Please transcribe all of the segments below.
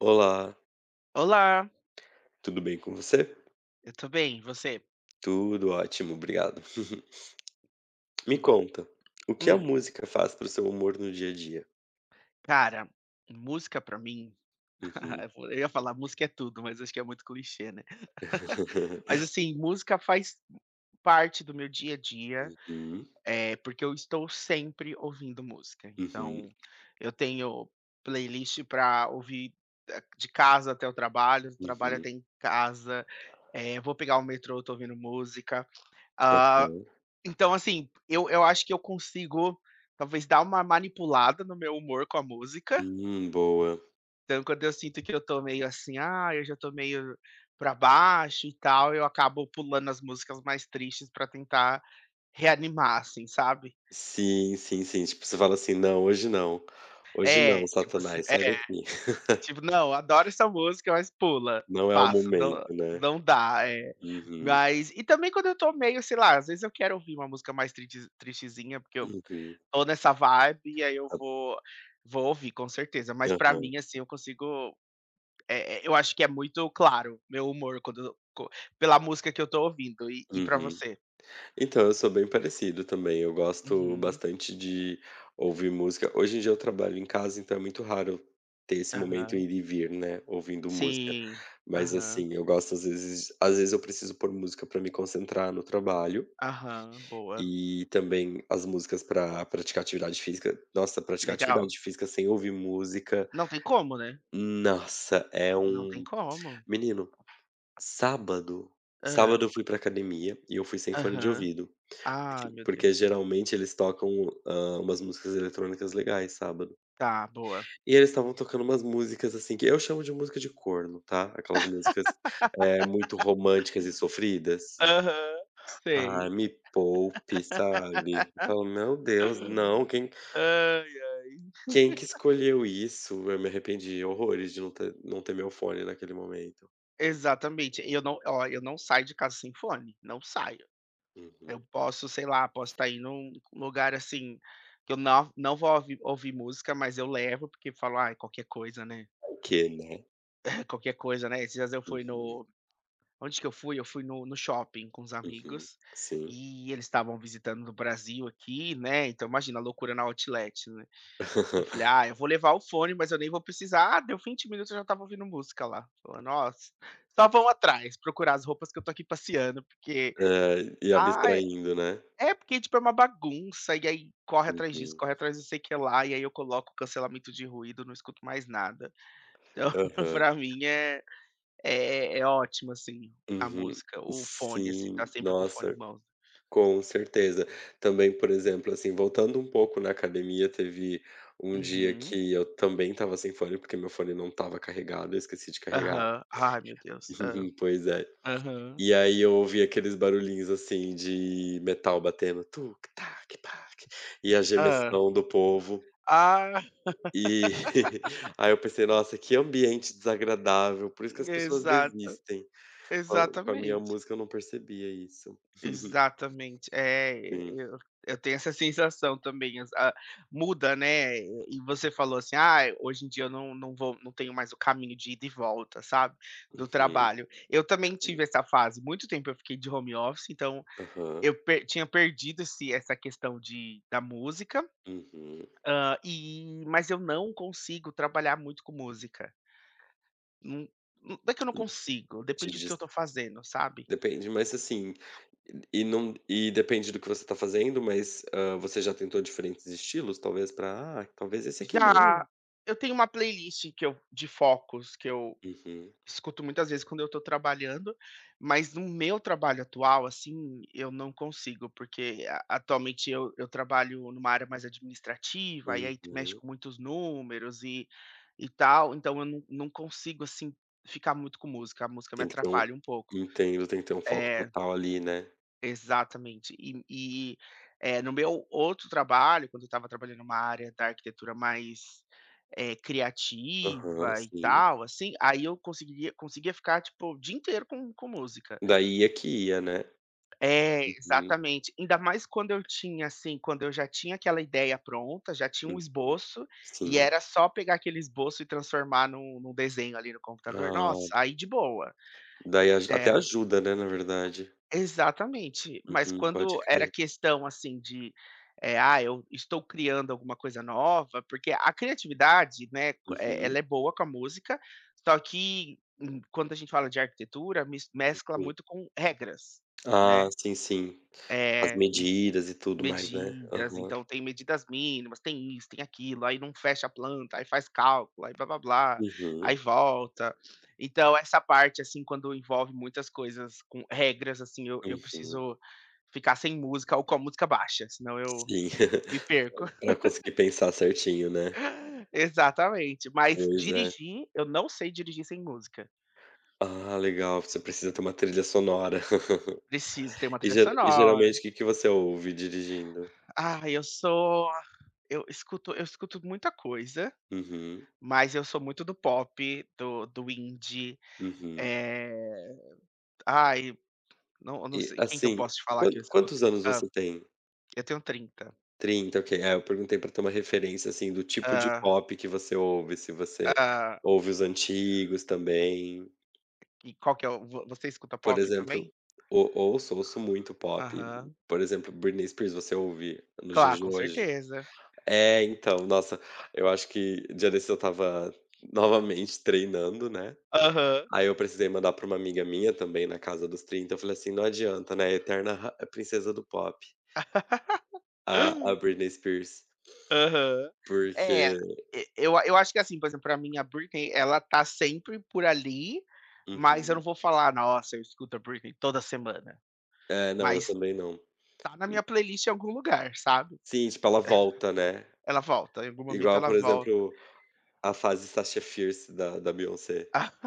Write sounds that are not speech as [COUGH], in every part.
Olá. Olá. Tudo bem com você? Eu tô bem e você? Tudo ótimo. Obrigado. [CHUCKLES] Me Que bom. conta o que a Hum. música faz para o seu amor no dia a dia? Cara, música pra mim, [LAUGHS] Uhum. é fole eu ia falar música é tudo, mas eu acho que é muito clichê, né? [CHUCKLES] Mas [LAUGHS] assim, música faz parte do meu dia a dia, Uhum. é porque eu estou sempre ouvindo música, Uhum. então eu tenho playlist pra ouvir de de casa até o trabalho, trabalho Uhum. até em casa, eh, vou pegar o metrô, tô ouvindo música. Ah, Aham. então assim, eu eu acho que eu consigo talvez dar uma manipulada no meu humor com a música. Hum. Boa. Então, quando eu sinto que eu tô meio assim: "Ah, eu já tô meio pra baixo e tal". Eu acabo pulando as músicas mais tristes pra tentar reanimar, assim, sabe. Sim, sim, sim, tipo você fala assim: "Não, hoje não. Hoje É não tipo se satanás, sai É. daqui". Tipo: "Não, adoro essa música, mas pula, Não é o passa". Não, momento, né? não dá, é. Uhum. Mas e também quando eu tô meio, sei lá, às vezes eu quero ouvir uma música mais triste, tristezinha, porque eu Uhum. tô nessa vibe e aí eu Ah. vou, vou ouvir com certeza. Mas pra Aham. mim, assim, eu consigo, eh eh, eu acho que é muito claro meu humor quando co pela música que eu tô ouvindo e e pra Uhum. você? Então, eu sou bem parecido também. Eu gosto Uhum. bastante de ouvir música. Hoje em dia eu trabalho em casa, então é muito raro ter esse momento Aham. ir e vir, né, ouvindo música. Sim. Mas Aham. assim, eu gosto, às vezes às vezes eu preciso pôr música para me concentrar no trabalho. Aham. Boa. E também as músicas pra praticar atividade física. Nossa, praticar Legal. atividade física sem ouvir música Não tem como, né? nossa é Não tem um como. menino sábado Hã. sábado eu fui para a academia e eu fui sem fone de Aham. ouvido, Ah! aquilo Meu porque Deus. geralmente eles tocam, hã, umas músicas eletrônicas legais sábado. Tá. Boa. E eles estavam tocando umas músicas, assim, que eu chamo de música de corno, tá, aquelas músicas, eh, muito românticas e [LAUGHS] sofridas. Aham, Ah, sei. me poupe, sabe? Eu falo: "Meu Deus!". Não! [LAUGHS] Quem Ai, ai. quem que [LAUGHS] escolheu isso? Eu me arrependi horrores de não ter não ter meu fone naquele momento. Exatamente e eu não olha eu não saio de casa sem fone, não saio, eu Uhum. posso, sei lá, posso tá indo num lugar assim que eu não não vou ouvir ouvir música, mas eu levo, porque falo: "Aí qualquer coisa, né". Vai que, né? Qualquer coisa, né. Esses dias eu fui Uhum. no onde que eu fui, eu fui no no shopping com os Uhum, amigos sim. e eles estavam visitando do Brasil aqui, né. Então imagina a loucura na outlet, né, eu falei: [LAUGHS] "Ah, eu vou levar o fone, mas eu nem vou precisar". Ah, deu vinte minutos, eu já estava ouvindo música lá, falou nossa, só vão atrás, procurar as roupas que eu tô aqui passeando, porque, É, e ah abstraindo, né? é porque tipo é uma bagunça e aí corre atrás disso, Uhum. corre atrás de sei que lá. E aí eu coloco o cancelamento de ruído, não escuto mais nada. Então, Aham. pra mim é é é ótimo assim a Uhum, música, o fone assim sim, tá sempre com o fone em nossa, mãos. com certeza, também, por exemplo, assim, voltando um pouco na academia, teve um dia Uhum. que eu também estava sem fone, porque meu fone não estava carregado. Eu esqueci de carregar Aham, ai, meu Deus, é, [CHUCKLES] pois é, aham. e aí eu ouvi aqueles barulhinhos assim de metal batendo tuc tac tac e a Hã. gemessão do povo. Ah. [LAUGHS] E, [CHUCKLES] aí eu pensei nossa que ambiente desagradável. Por isso que as pessoas Exato, desistem com com a minha exatamente. música, eu não percebia isso. [CHUCKLES] Exatamente é e Hum. eu, eu tenho essa sensação também, ah, muda, né, e você falou assim, "ah, hoje em dia eu não não vou, não tenho mais o caminho de ida e volta, sabe, do Uhum, trabalho". Eu também hum. tive essa fase muito tempo eu fiquei de home office, então Aham. eu per tinha perdido esse essa questão de da música, Uhum. hã, e mas eu não consigo trabalhar muito com música. Hum, nã não é que eu não Hum, consigo, te depende do que dis eu tô fazendo, sabe. Depende, mas assim e não e depende do que você tá fazendo, mas, hã, você já tentou diferentes estilos, talvez pra, "Ah, talvez esse aqui dê". Já, eu tenho uma playlist que eu de focos que eu Uhum. escuto muitas vezes quando eu tô trabalhando, mas no meu trabalho atual, assim eu não consigo, porque a atualmente eu eu trabalho numa área mais administrativa e aí mexe Uhum. com muitos números e e tal. Então eu não não consigo assim ficar muito com música. A música me Tem que ter um atrapalha um pouco entendo, tem que ter um foco eh. total ali, né? Exatamente. E e, eh, no meu outro trabalho, quando eu estava trabalhando numa área da arquitetura mais, eh, Aham, criativa e sim. tal, assim, aí eu conseguiria conseguia ficar, tipo, o dia inteiro com com música. Daí é que ia, né? É, Uhum. exatamente. Ainda mais quando eu tinha, assim quando eu já tinha aquela ideia pronta, já tinha um Uhum. esboço e Sim. era só pegar aquele esboço e transformar num num desenho ali no computador Ah. nossa, aí de boa. Daí aj até É. ajuda, né, na verdade. Exatamente. Mas Uhum, pode quando era crer. questão assim de, eh: "Ah, eu estou criando alguma coisa nova" porque a criatividade, né, co eh, ela Uhum. é boa com a música, só que quando a gente fala de arquitetura, mis Uhum, mescla sim. muito com regras, Ah, né. sim, sim. As Eh, em medidas e tudo mais, né. medidas, Aham. então, tem medidas mínimas, tem isso, tem aquilo, aí não fecha a planta, aí faz cálculo, aí blá blá blá, aí Uhum. volta. Então, essa parte assim, quando envolve muitas coisas com regras, assim, eu eu Uhum. preciso ficar sem música ou com a música baixa, senão eu Sim, me perco. [LAUGHS] pra conseguir [LAUGHS] pensar certinho, né? Exatamente. Mas Pois é. dirigir eu não sei dirigir sem música. Ah, legal. Você precisa ter uma trilha sonora. Preciso ter [LAUGHS] uma E trilha ge e sonora. geralmente o que que você ouve dirigindo? Ah, eu sou eu escuto eu escuto muita coisa, Uhum. mas eu sou muito do pop, do do indie, Uhum. eh, ai não eu não E, sei: "Quem que eu assim. posso te falar Quan que eu escuto?" quantos anos Hã. você tem? Eu tenho 30 30, OK. É, eu perguntei pra ter uma referência, assim do tipo de Ah. pop que você ouve se você Ah. ouve os antigos também. E qual que é o vo você escuta Por pop também? exemplo, o ouço, ouço muito pop, Aham. por exemplo, Britney Spears, você ouve nos Cla dias de com hoje? certeza. É, então, nossa, eu acho que dia desses eu estava, novamente, treinando, né, Aham. aí eu precisei mandar pra uma amiga minha, também na casa dos 30, eu falei assim: "Não adianta, né, eterna ra princesa do pop". A a [LAUGHS] Britney Spears. Aham. É. Porque E eu a eu acho que assim, por exemplo, pra mim, a Britney, ela tá sempre por ali, mas eu não Uhum. vou falar: "Nossa, eu escuto a Britney toda semana", É, não, eu mas também não. tá na minha playlist em algum lugar, sabe. [CHUCKLES] Sim, tipo, ela volta, né. Ela volta, em algum momento Igual, ela por volta. exemplo, a fase Sasha Fierce da da Beyoncé. [LAUGHS]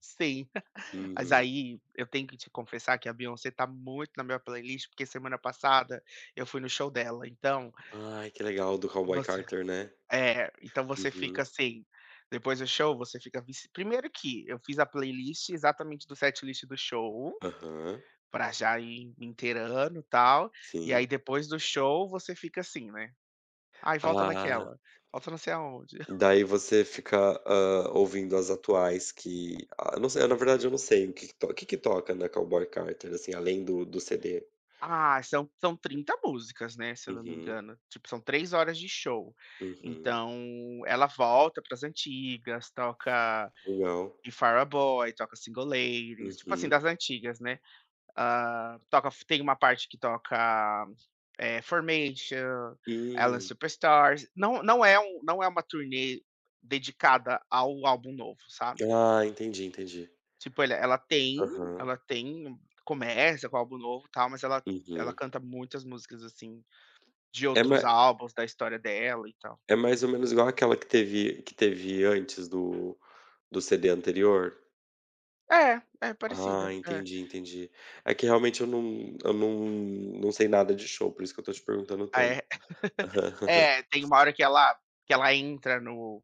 Sim. [LAUGHS] Mas, Uhum. aí, eu tenho que te confessar que a Beyoncé tá muito na minha playlist, porque semana passada eu fui no show dela, então Ai, que legal, do Cowboy Você Carter, né? é, então você Uhum. fica, assim depois do show, você fica vici 1º que eu fiz a playlist exatamente do setlist do show, Aham. pra já ir inteirando e tal. E aí Sim. depois do show, você fica assim, né, "aí volta Ah. naquela", "volta não sei aonde". [CHUCKLES] Daí você fica, hã, ouvindo as atuais que, ah, eu não sei, na verdade, eu não sei o que que to que que toca na Cowboy Carter, assim, além do do CD? Ah, são são 30 músicas, né, se eu não me Uhum. engano. Tipo, são 3h de show, Uhum. então ela volta para as antigas, toca Não. The Fireboy, toca Single Ladies, tipo assim, Uhum. das antigas, né, hã, toca f tem uma parte que toca, eh, Formation, Alien Hum. Superstar. Não não é um não é uma turnê dedicada ao álbum novo, sabe? Ah, entendi, entendi. tipo ele ela tem Aham. ela tem começa com o álbum novo e tal, mas ela ela Uhum. canta muitas músicas, assim, de É outros ma álbuns, da história dela e tal. é mais ou menos igual aquela que teve que teve antes do do CD anterior? É. É parecida, Ah, é entendi, entendi. É que realmente eu não eu não não sei nada de show, por isso que eu estou te perguntando Ah tanto. é? [LAUGHS] É, tem uma [LAUGHS] hora que ela que ela entra no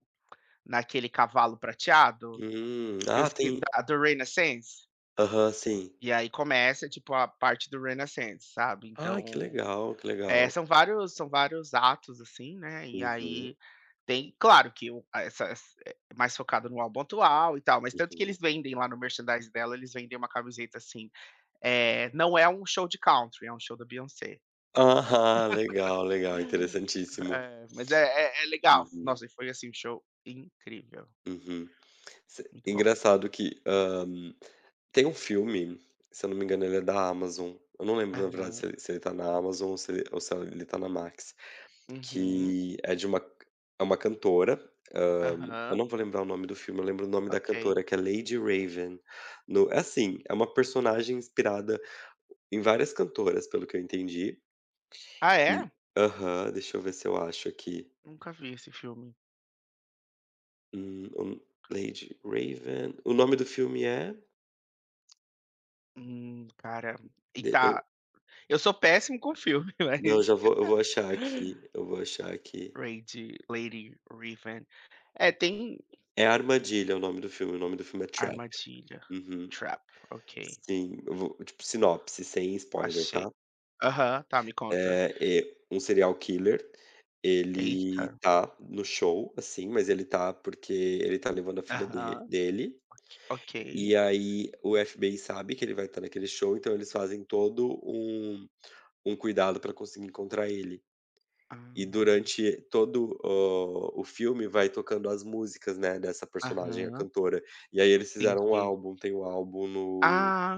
naquele cavalo prateado, Hum. que eu Ah, esque tem da do Renaissance. Aham, sim. E aí começa tipo a parte do Renaissance, sabe. Ai, que Então, legal, que eh, legal. são vários são vários atos assim, né, e Uhum. aí tem claro que o essa ess é mais focado no álbum atual e tal, mas tanto que Uhum. eles vendem lá no merchandise dela, eles vendem uma camiseta assim, eh: "Não é um show de country, é um show da Beyoncé." Aham. Legal, legal. [LAUGHS] Interessantíssimo. É, mas é é é legal. Uhum. Nossa, e foi, assim, um show incrível. Uhum. Se Muito bom. engraçado que, hã, tem um filme, se eu não me engano, ele é da Amazon, eu não lembro, na verdade, se Aham. se ele se ele está na Amazon ou se ou se ele está na Max, Uhum. que é de uma c é uma cantora, hã, eu Aham. não vou lembrar o nome do filme, eu lembro o nome da Ok. cantora, que é Lady Raven. No é assim, é uma personagem inspirada em várias cantoras, pelo que eu entendi Ah e é? aham, deixa eu ver se eu acho aqui. Nunca vi esse filme. Hum, o Lady Raven. O nome do filme é Hum, cara, e Deixa eu tá eu sou péssimo com filme, Não, eu mas já vou eu vou achar aqui [LAUGHS] eu vou achar aqui. Reid Lady Reeven. É, tem É armadilha, o nome do filme. O nome do filme é Trap. Armadilha. Uhum. Trap. OK. Sim, eu vou tipo, sinopse. Sem spoiler, Achei. tá? Aham, tá, me conta. É, eh, um serial killer. Ele Eita. tá no show, assim, mas ele tá porque ele tá levando a filha de Aham, dele OK OK. e aí o FBI sabe que ele vai estar naquele show, então eles fazem todo um um cuidado pra conseguir encontrar ele. E Ah. durante todo o o filme vai tocando as músicas, né, dessa personagem, a Aham. cantora. E aí eles fizeram um Entendi. álbum tem um álbum no Ah.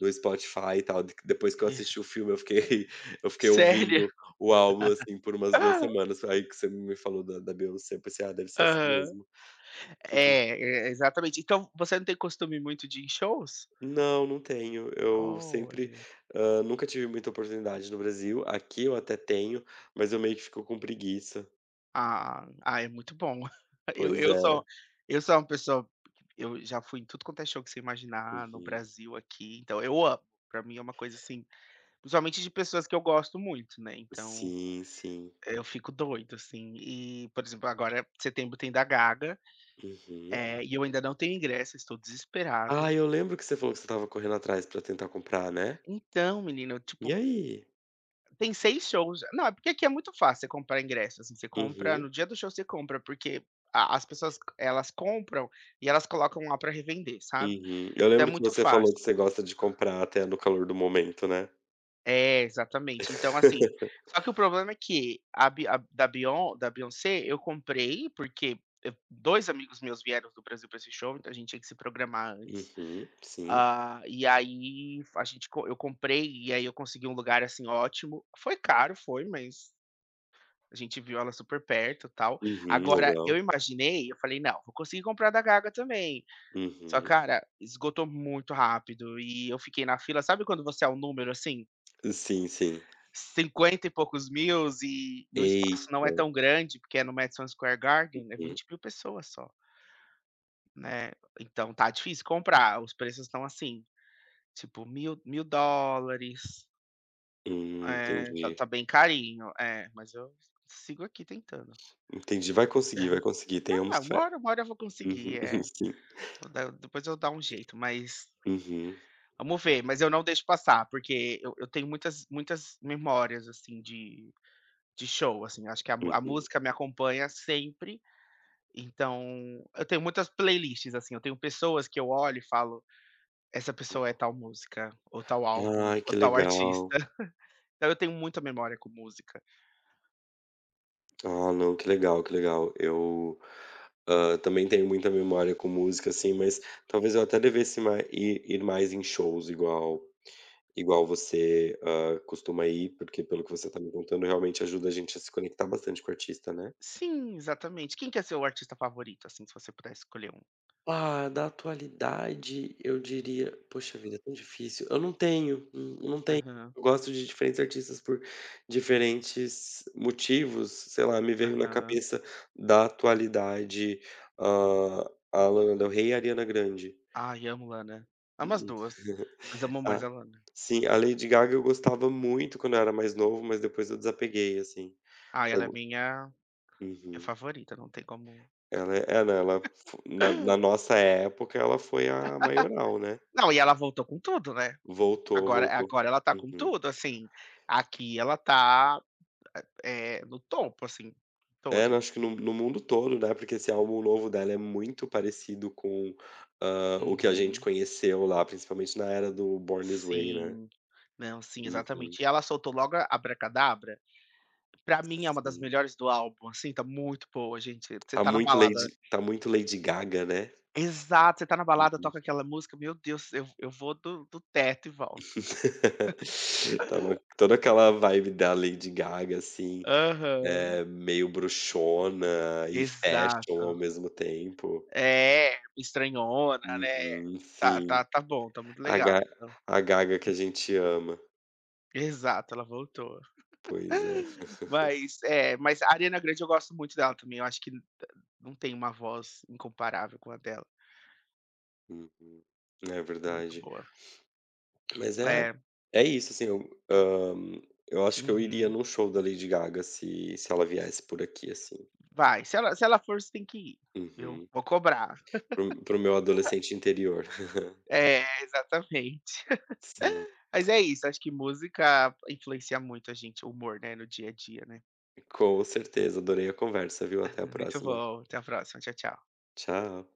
no Spotify e tal, de que depois que eu E assisti o filme, eu fiquei [LAUGHS] eu fiquei Sério? ouvindo o álbum, assim por umas 2 [LAUGHS] semanas. Aí que você me falou da da Beyoncé eu pensei: "Ah, deve ser esse Aham. mesmo." Uhum. É, e exatamente. Então, você não tem costume muito de ir em shows? Não, não tenho. Eu sempre, Olha. ah, nunca tive muita oportunidade no Brasil aqui eu até tenho, mas eu meio que fico com preguiça. Ah ah, é muito bom [CHUCKLES] eu Pois eu é. sou eu sou uma pessoa eu já fui em tudo quanto é show que você imaginar, no Uhum. Brasil, aqui. Então, eu amo, pra mim é uma coisa assim principalmente de pessoas que eu gosto muito, né. Então, Sim, sim. eu fico doido, assim. E, por exemplo, agora, eh, setembro tem da Gaga. Uhum. É. E eu ainda não tenho ingresso, estou Ah, desesperado. eu lembro que você falou que você estava correndo atrás para tentar comprar, né? Então, menina, eu, E tipo aí? Tem 6 shows não, é porque aqui é muito fácil você comprar ingresso, assim, você compra Uhum. no dia do show você compra, porque a as pessoas elas compram e elas colocam lá pra revender, sabe, Uhum. Eu então é lembro que muito você falou fácil. que você gosta de comprar até no calor do momento, né. É, exatamente. Então assim [LAUGHS] só que o problema é que, a bi a da Beyon da Beyoncé, eu comprei, porque, eh, dois amigos meus vieram do Brasil pra esse show, então a gente tinha que se programar antes, Uhum, sim. hã, e aí f a gente co eu comprei e aí eu consegui um lugar, assim, ótimo. Foi caro? Foi, mas a gente viu ela super perto, tal, Uhum, agora, eu legal. imaginei eu falei: "Não, vou conseguir comprar o da Gaga também", só Uhum. cara, esgotou muito rápido e eu fiquei na fila sabe quando você é um número, assim Sim, sim. cinquenta e poucos mil e o espaço não é Eita. tão grande, porque é no Madison Square Garden, é Uhum. 20.000 pessoas só né, então tá difícil comprar. Os preços estão assim, tipo, mil mil dólares. Hum, É, tá entendi. tá bem carinho, é, mas eu sigo aqui tentando. Entendi, vai conseguir, vai [CHUCKLES] conseguir, Não tenhamos uma fé, hora uma hora eu vou conseguir, uhum, eh. sim. Vou dar é depois eu vou dar um jeito, mas Uhum. vamos ver, mas eu não deixo passar, porque eu eu tenho muitas muitas memórias assim de de show. Assim, acho que a mu a Uhum. música me acompanha sempre. Então eu tenho muitas playlists assim. Eu tenho pessoas que eu olho e falo essa pessoa é tal música ou tal álbum Ai ou que tal artista. legal. [CHUCKLES] Então eu tenho muita memória com música. Ah, não, que legal, que legal eu. Hã, também tenho muita memória com música assim, mas talvez eu até devesse mai ir ir mais em shows igual igual você, hã, costuma ir, porque, pelo que você está me contando, realmente ajuda a gente a se conectar bastante com o artista, né. Sim, exatamente quem que é o seu artista favorito? Assim, se você pudesse escolher um. Ah, da atualidade, eu diria, poxa vida, é tão difícil. Eu não tenho, eu não tenho. Aham. Eu gosto de diferentes artistas por diferentes motivos. Sei lá, me veio na Aham. cabeça da atualidade. Hã, a Lana Del Rey e a Ariana Grande. Ai amo Lana. Amo as 2, mas [CHUCKLES] amo mais Ah, a Lana. sim, a Lady Gaga. Eu gostava muito quando eu era mais novo, mas depois eu desapeguei assim, Ah, ela é eu minha, minha Uhum. favorita, não tem como Ela é ela ela, ela na na [LAUGHS] nossa época, ela foi [LAUGHS] a maioral, né. Não, e ela voltou com tudo, né. Voltou, Agora voltou, agora ela está com uhum. tudo assim aqui ela tá, é no topo, assim É, não todos acho que assim. no no mundo todo, né. Porque esse álbum novo dela é muito parecido com, hã, o que a gente Uhum. conheceu lá, principalmente na era do Born This Way, né. Sim, não, sim, Uhum. exatamente e ela soltou logo a Abracadabra. Para mim é uma das Sim. melhores do álbum. Assim está muito boa, gente, você Tá tá na muito balada Lady, está muito Lady Gaga, né? Exato. Você está na balada, Uhum. toca aquela música, meu Deus, eu eu vou do do teto e volto. [LAUGHS] Então toda aquela vibe da Lady Gaga assim Aham. é meio bruxona e fashion ao Exato. mesmo tempo. É estranhona, né. Uhum Tá sim. tá tá bom, tá muito a ga legal, então. a Gaga que a gente ama. Exato, ela voltou Pois é. [GIGGLES] [CHUCKLES] mas é, mas Ariana Grande, eu gosto muito dela também. Eu acho que não tem uma voz incomparável com a dela. Uhum é Muito verdade. boa. Mas é É. é isso assim. Eu hã, eu acho que eu iria Uhum. num show da Lady Gaga se se ela viesse por aqui assim. Vai se ela se ela for, você tem que ir, viu? Uhum. Vou cobrar. para o para o meu [LAUGHS] adolescente interior. [CHUCKLES] É exatamente. Sim. [LAUGHS] Mas é isso, acho que música influencia muito a gente, o humor, né, no dia a dia, né. Com certeza, adorei a conversa, viu? Até a [CHUCKLES] Muito próxima. bom, até a próxima. Tchau, tchau. Tchau.